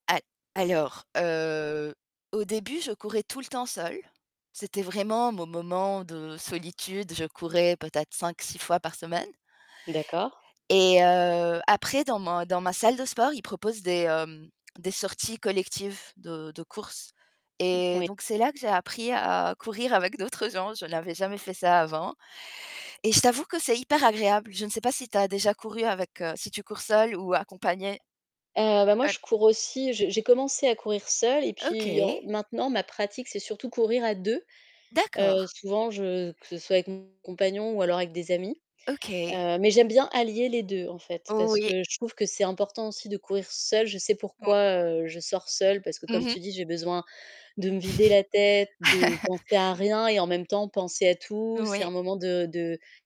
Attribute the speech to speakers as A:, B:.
A: A alors, heu, au début, je courais tout le temps seule. C'était vraiment mon moment de solitude, je courais peut-être 5-6 fois par semaine
B: D'accord.
A: et heu, après dans ma dans ma salle de sport, ils proposent des, hem, des sorties collectives de de courses et
B: Oui.
A: donc, c'est là que j'ai appris à courir avec d'autres gens. Je n'avais jamais fait ça avant et je t'avoue que c'est hyper agréable. Je ne sais pas si tu as déjà couru avec heu, si tu cours seule ou accompagnée?
B: Heu, bah, moi,
A: Heu, l
B: je cours aussi, je j'ai commencé à courir seule et puis au
A: OK.
B: maintenant ma pratique, c'est surtout courir à 2, heu,
A: D'accord.
B: souvent, je que ce soit avec mon compagnon ou alors avec des amis,
A: OK.
B: heu, mais j'aime bien allier les 2, en fait, parce
A: Oui!
B: que je trouve que c'est important aussi de courir seule. Je sais
A: Ou
B: pourquoi, heu, je sors seule parce que,
A: Mmh
B: comme tu
A: mh.
B: dis, j'ai besoin de me vider la tête, de penser à rien et en même temps penser à tout. C'est
A: Oui.
B: un moment de de